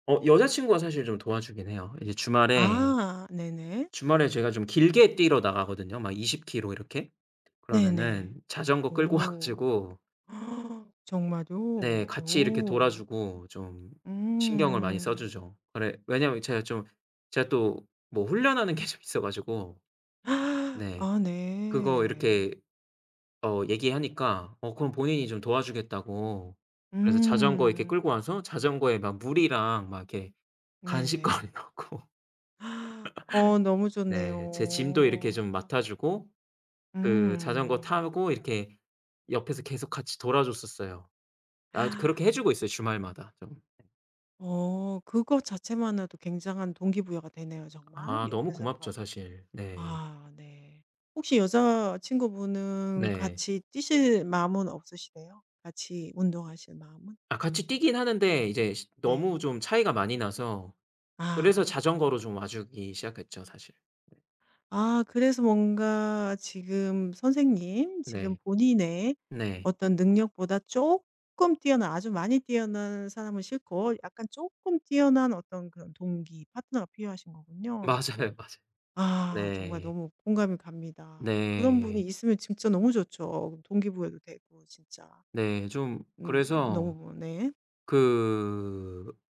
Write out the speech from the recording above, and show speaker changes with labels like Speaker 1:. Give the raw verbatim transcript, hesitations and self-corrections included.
Speaker 1: 어 여자친구가 사실 좀 도와주긴 해요. 이제 주말에,
Speaker 2: 아 네네.
Speaker 1: 주말에 제가 좀 길게 뛰러 나가거든요 막 이십 키로 이렇게. 그러면은
Speaker 2: 네네.
Speaker 1: 자전거 끌고 와
Speaker 2: 오.
Speaker 1: 가지고
Speaker 2: 정말요?
Speaker 1: 네 같이 이렇게 돌아
Speaker 2: 오.
Speaker 1: 주고 좀 신경을 많이 써
Speaker 2: 음.
Speaker 1: 주죠. 아래 왜냐면 제가 좀 제가 또 뭐 훈련하는 게 좀 있어 가지고 네
Speaker 2: 아
Speaker 1: 그거
Speaker 2: 네.
Speaker 1: 이렇게 어 얘기하니까 어 그럼 본인이 좀 도와주겠다고 그래서 자전거 이렇게 끌고
Speaker 2: 음.
Speaker 1: 와서 자전거에 막 물이랑 막 이렇게 간식거리
Speaker 2: 네네.
Speaker 1: 넣고
Speaker 2: 어 너무
Speaker 1: 네 제 짐도 이렇게
Speaker 2: 좋네요.
Speaker 1: 좀 맡아 주고 그 자전거
Speaker 2: 음.
Speaker 1: 타고 이렇게 옆에서 계속 같이 돌아 줬었어요. 아 이제 그렇게 해 주고 있어요, 주말마다 좀.
Speaker 2: 어 그거 자체만으로도 굉장한 동기부여가 되네요 정말.
Speaker 1: 아 너무
Speaker 2: 옆에서 누가
Speaker 1: 고맙죠 사실. 네.
Speaker 2: 아 네. 혹시 여자친구분은
Speaker 1: 네.
Speaker 2: 같이 뛰실 마음은 없으시대요? 같이 운동하실 마음은?
Speaker 1: 아 같이 뛰긴 하는데 이제 시
Speaker 2: 네.
Speaker 1: 너무 좀 차이가 많이 나서
Speaker 2: 아.
Speaker 1: 그래서 자전거로 좀 와 주기 시작했죠, 사실. 네.
Speaker 2: 아 그래서 뭔가 지금 선생님 지금
Speaker 1: 네.
Speaker 2: 본인의
Speaker 1: 네.
Speaker 2: 어떤 능력보다 쪼끔 뛰어난 아주 많이 뛰어난 사람은 싫고 약간 쪼끔 뛰어난 어떤 그런 동기, 파트너가 필요하신 거군요.
Speaker 1: 맞아요, 맞아요.
Speaker 2: 아 정말
Speaker 1: 네.
Speaker 2: 너무 공감이 갑니다. 그런 분이
Speaker 1: 네.
Speaker 2: 있으면 진짜 너무 좋죠 동기부여도 되고 진짜.
Speaker 1: 네. 좀
Speaker 2: 음
Speaker 1: 그래서
Speaker 2: 너무 네.
Speaker 1: 그